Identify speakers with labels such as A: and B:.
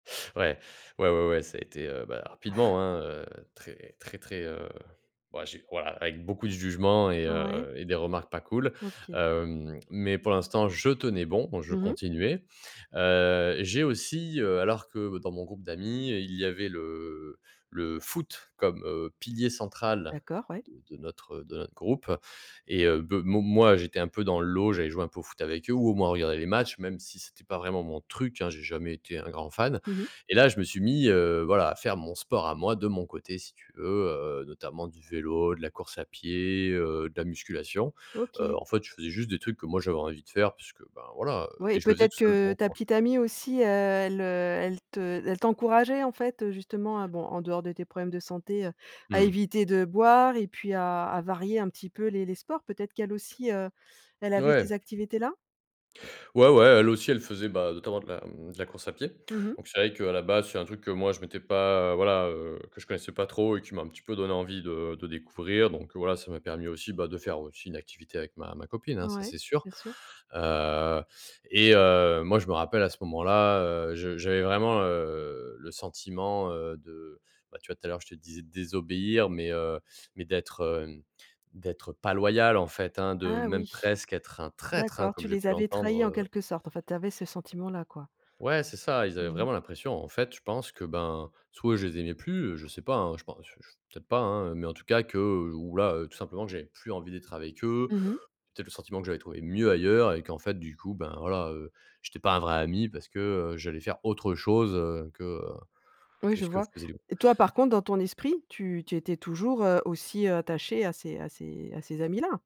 A: Ouais, ouais, ouais, ouais, ça a été heu, bah rapidement, hein, heu, très, très, très, heu, bah, j'ai voilà, avec beaucoup de jugements et
B: Ouais.
A: heu et des remarques pas cool.
B: OK.
A: Hem, mais pour l'instant je tenais bon, je
B: Mmh mh.
A: continuais. Heu, j'ai aussi heu, alors que dans mon groupe d'amis heu, il y avait le le foot comme, heu, pilier central
B: D'accord, ouais.
A: de de notre, heu de notre groupe. Et, heu, beuh mo moi, j'étais un peu dans le lot. J'allais joué un peu au foot avec eux ou au moins regarder les matchs, même si c'était pas vraiment mon truc, hein, j'ai jamais été un grand fan.
B: Mmh mh.
A: Et là, je me suis mis, heu, voilà, à faire mon sport à moi de mon côté, si tu veux, heu, notamment du vélo, de la course à pied, heu, de la musculation. Heu
B: OK.
A: en fait, je faisais juste des trucs que moi j'avais envie de faire. Puisque, ben voilà, heu
B: Ouais et
A: et je le faisais
B: peut-être
A: tout seul dans
B: que,
A: mon
B: ta
A: coin.
B: petite amie aussi, heu, elle, heu, elle te elle t'encourageait en fait, heu, justement à bon en dehors de tes problèmes de santé, heu, à
A: Mmh.
B: éviter de boire et puis à à varier un petit peu les les les sports. Peut-être qu'elle aussi, heu, elle avait
A: Ouais.
B: ces activités là?
A: Ouais, ouais, elle aussi, elle faisait, bah, notamment de la, mmh, de la course à pied.
B: Mmh mh.
A: Donc c'est vrai qu'à la base, c'est un truc que moi, je m'étais pas, heu, voilà, heu, que je connaissais pas trop et qui m'a un petit peu donné envie de de découvrir. Donc, heu, voilà, ça m'a permis aussi, bah, de faire aussi une activité avec ma ma copine hein, ça,
B: Ouais,
A: c'est sûr.
B: bien sûr.
A: Heu et heu, moi, je me rappelle à ce moment là, heu, je j'avais vraiment, heu, le sentiment, heu, de bah tu vois, tout à l'heure, je te disais de désobéir, mais heu mais d'être hem, d'être heu, pas loyal, en fait, hein. De
B: Ah
A: même
B: oui.
A: presque être un traître hein,
B: D'accord,
A: comme
B: tu
A: j'ai
B: les
A: pu
B: avais trahis
A: l'entendre,
B: en
A: heu.
B: quelque sorte, enfin, tu avais ce sentiment là quoi.
A: Ouais, c'est ça, ils
B: Mmh
A: avaient
B: mh.
A: vraiment l'impression, en fait, je pense que, ben, soit je les aimais plus, heu, je sais pas hein, je pense, heu, ch f peut être pas hein. Mais en tout cas que, heu ou là, heu, tout simplement, que j'avais plus envie d'être avec eux.
B: Mmh mh.
A: Peut-être le sentiment que j'avais trouver mieux ailleurs et qu'en fait du coup ben voilà, heu, j'étais pas un vrai ami parce que, heu, j'allais faire autre chose, heu, que, heu,
B: Oui
A: que
B: je
A: ce que
B: vois.
A: faisait le groupe.
B: Et toi par contre dans ton esprit, tu tu étais toujours, heu, aussi, heu, attachée à ces à ces à ces amis-là.